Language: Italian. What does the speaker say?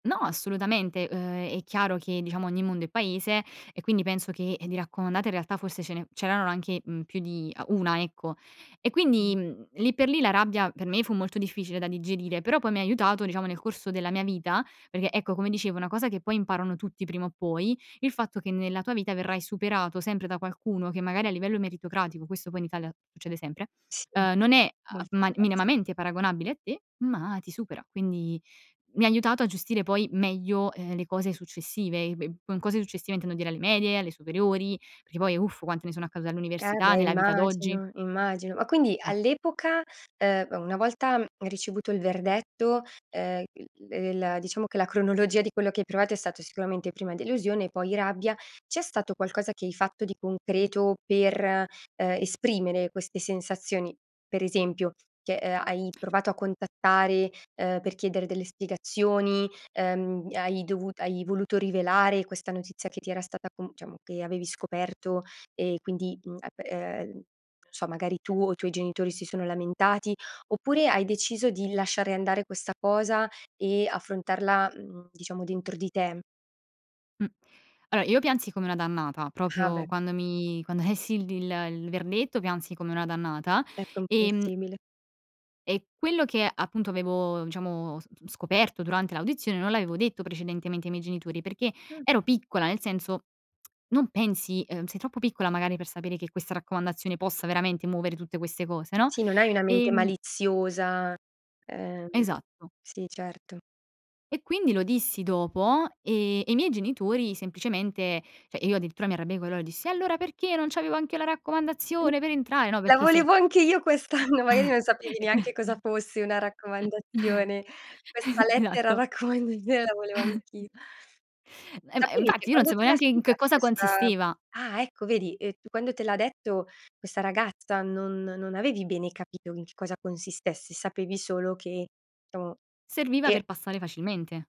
No, assolutamente. Uhm, è chiaro che, diciamo, ogni mondo è paese e quindi penso che di raccomandate in realtà forse ce ne c'erano anche, mhmm, più di ah, 1, ecco. E quindi, Mh. mhmm, lì per lì la rabbia per me fu molto difficile da digerire, però poi mi ha aiutato, diciamo, nel corso della mia vita, perché ecco, come dicevo, una cosa che poi imparano tutti prima o poi, il fatto che nella tua vita verrai superato sempre da qualcuno che magari a livello meritocratico, questo poi in Italia succede sempre, Sì, ehm, non è, molto uhm, ma spesso. minimamente paragonabile a te, ma ti supera. Quindi mi ha aiutato a gestire poi meglio, ehm, le cose successive. E b con cose successive intendo dire alle medie, alle superiori, perché poi uff quante ne sono accadute Eh all'università, beh, nella vita d'oggi. immagino, immagino. Ma quindi Mh. all'epoca, uhm, una volta ricevuto il verdetto, ehm, il ehm diciamo che la cronologia di quello che hai provato è stato sicuramente prima delusione, poi rabbia. C'è stato qualcosa che hai fatto di concreto per, ehm, esprimere queste sensazioni? Per esempio, che, ehm, hai provato a contattare, ehm, per chiedere delle spiegazioni, ehm, hai dovut hai voluto rivelare questa notizia che ti era stata com diciamo, che avevi scoperto e quindi, mhmm, ap eh n so, magari tu o i tuoi genitori si sono lamentati, oppure hai deciso di lasciare andare questa cosa e affrontarla, mhmm, diciamo dentro di te? Mh. Allora, io piansi come una dannata, Ah, proprio beh. quando mi quando lessi il il verdetto piansi come una dannata. È Ehm comprensibile. e quello che appunto avevo, diciamo, s scoperto durante l'audizione non l'avevo detto precedentemente ai miei genitori perché Ah. ero piccola, nel senso non pensi, ehm, sei troppo piccola magari per sapere che questa raccomandazione possa veramente muovere tutte queste cose, no. Sì, non hai una mente Ehm maliziosa. Ehm, Esatto, s sì, certo. E quindi lo dissi dopo e e i miei genitori semplicemente cioè io addirittura mi arrabbiai con loro e dissi: "E allora perché non c'avevo anch'io la [unintelligible] raccomandazione per entrare?" No, "La perché sei volevo anche io quest'anno!" Magari non sapevi E qua neanche cosa fosse una raccomandazione. "Questa E lettera esatto. raccomandazione la volevo anch'i" Eh, ma Sapevi che infatti io non quando sapevo te l'ha neanche in che spiegato cosa questa consisteva. ah, ecco, vedi, ehm, tu quando te l'ha detto questa ragazza non non avevi bene capito in che cosa consistesse, sapevi solo che diciamo, Serviva e per passare facilmente.